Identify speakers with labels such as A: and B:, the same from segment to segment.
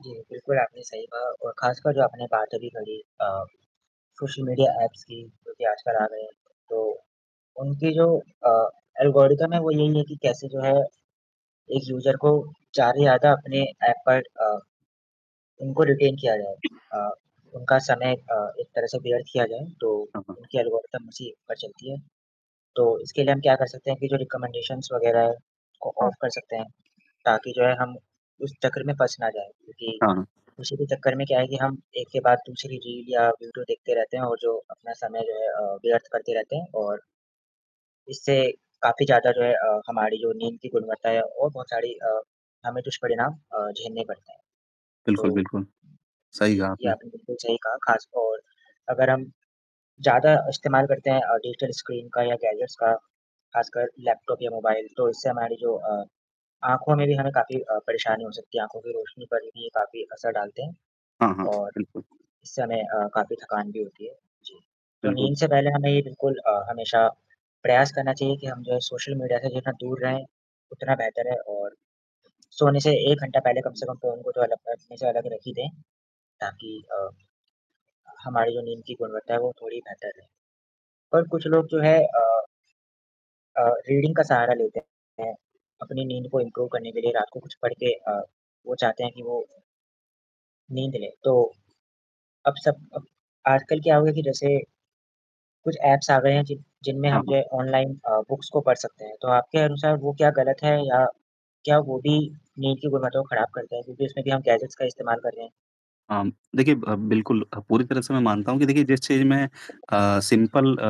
A: जी, बिल्कुल, आपने सही कहा और ख़ासकर जो आपने बात अभी करी अ, सोशल मीडिया ऐप्स की, जो कि आजकल आ गए हैं। तो, उनकी जो अ, एल्गोरिदम है वो यही है कि कैसे जो है, एक यूज़र को चारे ज़्यादा अपने ऐप पर अ, उनको रिटेन किया जाए। अ, उनका समय अ, एक तरह से व्यर्थ किया जाए, तो
B: हाँ, हाँ।
A: उनकी एल्गोरिदम इसी एक पर चलती है। तो, इसके लिए हम क्या कर सकते हैं कि जो रिकमेंडेशंस वग़ैरह है, उसको ऑफ
B: हाँ।
A: कर सकते हैं। ताकि जो है हम उस चक्कर में फँस ना जाएँ, क्योंकि
B: हाँ, हाँ।
A: उसी के चक्कर में क्या है कि हम एक के बाद दूसरी रील या वीडियो देखते रहते हैं और जो अपना समय जो है अ, व्यर्थ करते रहते हैं, और इससे काफ़ी ज़्यादा जो है अ, हमारी जो नींद की गुणवत्ता है और बहुत सारी अ, हमें तो दुष्परिणाम अ, झेलने पड़तें हैं।
B: बिल्कुल,
A: तो
B: बिल्कुल। सही
A: जी,
B: कहा
A: ये
B: आपने।
A: आपने बिल्कुल सही कहा, ख़ासतौर अगर हम ज़्यादा अ, इस्तेमाल करते हैं अ, डिजिटल स्क्रीन का या गैजेट्स का, ख़ासकर लैपटॉप या मोबाइल तो इससे हमारी जो अ आँखों में भी हमें काफ़ी अ, परेशानी हो सकती है, आँखों की रोशनी पर भी ये काफ़ी असर डालते हैं।
B: हाँ, हाँ।
A: और,
B: बिल्कुल।
A: इससे हमें अ, काफ़ी थकान भी होती है, जी, तो
B: बिल्कुल।
A: नींद से पहले हमें ये बिल्कुल अ, हमेशा प्रयास करना चाहिए कि हम जो है सोशल मीडिया से जितना दूर रहें, उतना बेहतर है और सोने से 1 घंटा पहले कम से कम
B: [unintelligible]
A: तो फ़ोन को थोड़ा अलग अपने से अलग रखी दें। ताकि अ, हमारी जो नींद की गुणवत्ता है वो थोड़ी बेहतर रहें, पर कुछ लोग जो है अ अ, रीडिंग का सहारा लेते हैं। अपनी नींद को इम्प्रूव करने के लिए रात को कुछ पढ़ के अ, वो चाहते हैं कि वो नींद ले। तो, अब सब अब आजकल क्या हो गया कि जैसे कुछ ऐप्स आ गए हैं, जिन जिनमें
B: हाँ,
A: हम जो
B: हाँ।
A: है ऑनलाइन अ, बुक्स को पढ़ सकते हैं। तो आपके अनुसार वो क्या गलत है या क्या वो भी नींद की गुणवत्ता को ख़ाराब करता है, क्योंकि उसमें भी हम गैजेट्स का इस्तेमाल कर रहे हैं?
B: अम, देखिए, ब बिल्कुल अ, पूरी तरह से मैं मानता हूँ कि देखिए जिस चीज़ में अ, सिंपल अ,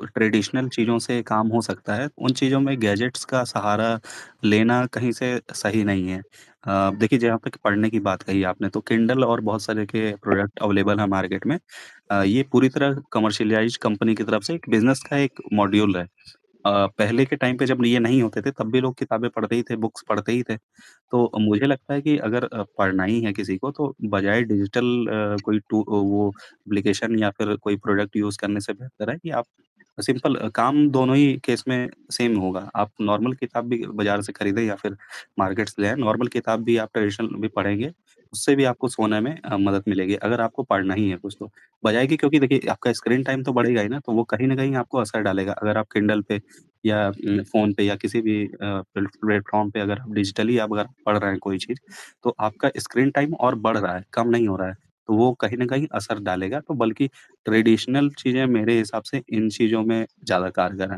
B: व ट्रेडिशनल चीज़ों से काम हो सकता है, उन चीज़ों में गैजेट्स का सहारा लेना कहीं से सही नहीं है। अ, देखिए जहाँ पे क पढ़ने की बात कही आपने, तो किंडल और बहुत सारे के प्रोडक्ट अवेलेबल है मार्केट में। अ, ये पूरी तरह कमर्शियलाइज़ कंपनी की तरफ़ से एक बिज़नेस का एक मॉड्यूल है। अ, पहले के टाइम पे जब ये नहीं ये नहीं होते थे तब भी लोग किताबें पढ़ते ही थे, बुक्स पढ़ते ही थे। तो, मुझे लगता है कि अगर अ, पढ़ना ही है किसी को, तो बजाय डिजिटल अ, कोई टू अ, वो एप्लीकेशन या फिर कोई प्रोडक्ट यूज़ करने से बेहतर है कि, आप सिंपल अ, काम दोनों ही केस में सेम होगा। आप नॉर्मल किताब भी बाज़ार से खरीदें या फिर मार्केट्स ले आएँ, नॉर्मल किताब भी आप ट्रेडिशनल भी पढ़ेंगे, उससे भी आपको सोने में अ, मदद मिलेगी। अगर आपको पढ़ना ही है कुछ तो, बजाय कि क्योंकि देखिए, आपका स्क्रीन टाइम तो बढ़ेगा ही ना, तो वो कहीं न कहीं आपको असर डालेगा, अगर आप किंडल पे या उम, फ़ोन पे या किसी भी अ, प्लेट प्लेटफ़ॉर्म पे अगर आप डिजिटली अगर पढ़ रहे हैं कोई चीज़, तो आपका स्क्रीन टाइम और बढ़ रहा है, कम नहीं हो रहा है। तो वो कहीं न कहीं असर डालेगा, तो बल्कि ट्रेडिशनल चीज़ें मेरे हिसाब से इन चीज़ों में ज़्यादा कारगर हैं।